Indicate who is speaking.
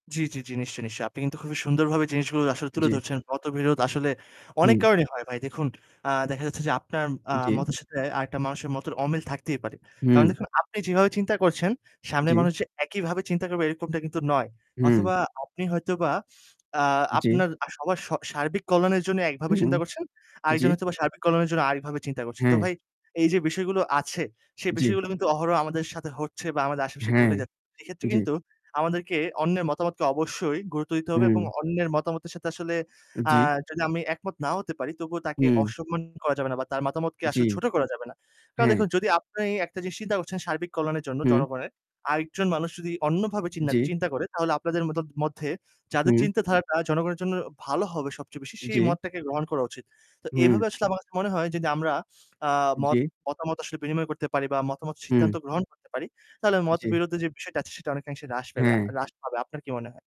Speaker 1: জি, জি, জি নিশ্চয়ই, নিশ্চয়ই। আপনি কিন্তু খুবই সুন্দরভাবে জিনিসগুলো আসলে তুলে
Speaker 2: জি।
Speaker 1: ধরছেন। মতবিরোধ আসলে অনেক
Speaker 2: হুম।
Speaker 1: কারণেই হয় ভাই। দেখুন, আ দেখা যাচ্ছে যে আপনার আ
Speaker 2: উ জি।
Speaker 1: মতের সাথে আরেকটা মানুষের মতের অমিল থাকতেই পারে। কারণ
Speaker 2: হুম।
Speaker 1: দেখুন, আপনি যেভাবে চিন্তা করছেন, সামনের
Speaker 2: জি।
Speaker 1: মানুষ যে একইভাবে চিন্তা করবে এরকমটা কিন্তু নয়।
Speaker 2: হুম।
Speaker 1: অথবা আপনি হয়তোবা আ
Speaker 2: জি।
Speaker 1: আপনার আর সবার স সার্বিক কল্যাণের জন্য একভাবে
Speaker 2: হুম
Speaker 1: চিন্তা করছেন,
Speaker 2: জি।
Speaker 1: আরেকজন হয়তোবা সার্বিক কল্যাণের জন্য আরেকভাবে চিন্তা করছে। তো
Speaker 2: হ্যাঁ।
Speaker 1: ভাই এই যে বিষয়গুলো আছে সে
Speaker 2: জি।
Speaker 1: বিষয়গুলো কিন্তু অহরহ আমাদের সাথে হচ্ছে বা আমাদের আশেপাশে
Speaker 2: হ্যাঁ,
Speaker 1: ঘটে যাচ্ছে সেইক্ষেত্রে
Speaker 2: জি।
Speaker 1: কিন্তু আমাদেরকে অন্যের মতামতকে অবশ্যই গুরুত্ব দিতে হবে এবং
Speaker 2: হু।
Speaker 1: অন্যের মতামতের সাথে আসলে
Speaker 2: এ
Speaker 1: আ
Speaker 2: জি।
Speaker 1: যদি আমি একমত নাও হতে পারি তবুও তাকে
Speaker 2: হু।
Speaker 1: অসম্মান করা যাবে না বা তার মতামতকে
Speaker 2: জি।
Speaker 1: আসলে ছোট করা যাবে না। কারণ
Speaker 2: হ্যাঁ।
Speaker 1: দেখুন, যদি আপনি একটা জিনিস চিন্তা করছেন সার্বিক কল্যাণের জন্য
Speaker 2: হুম।
Speaker 1: জনগণের, আরেকজন মানুষ যদি অন্যভাবে চিন্না
Speaker 2: জি।
Speaker 1: চিন্তা করে তাহলে আপনাদের মদত মধ্যে যাদের
Speaker 2: হুম।
Speaker 1: চিন্তাধারাটা জনগণের জন্য ভালো হবে সবচেয়ে বেশি, সেই
Speaker 2: জি।
Speaker 1: মতটাকে গ্রহণ করা উচিত। তো
Speaker 2: হুম।
Speaker 1: এইভাবে আসলে আমার কাছে মনে হয় যদি আমরা আ
Speaker 2: জি।
Speaker 1: মত মতামত আসলে বিনিময় করতে পারি বা মতামত সিদ্ধান্ত
Speaker 2: হু।
Speaker 1: গ্রহণ করতে পারি তাহলে
Speaker 2: জি।
Speaker 1: মতবিরোধে যে বিষয়টা আছে সেটা অনেকাংশে হ্রাস পেবে আ
Speaker 2: হ্যাঁ।
Speaker 1: হ্রাস পাবে। আপনার কি মনে হয়?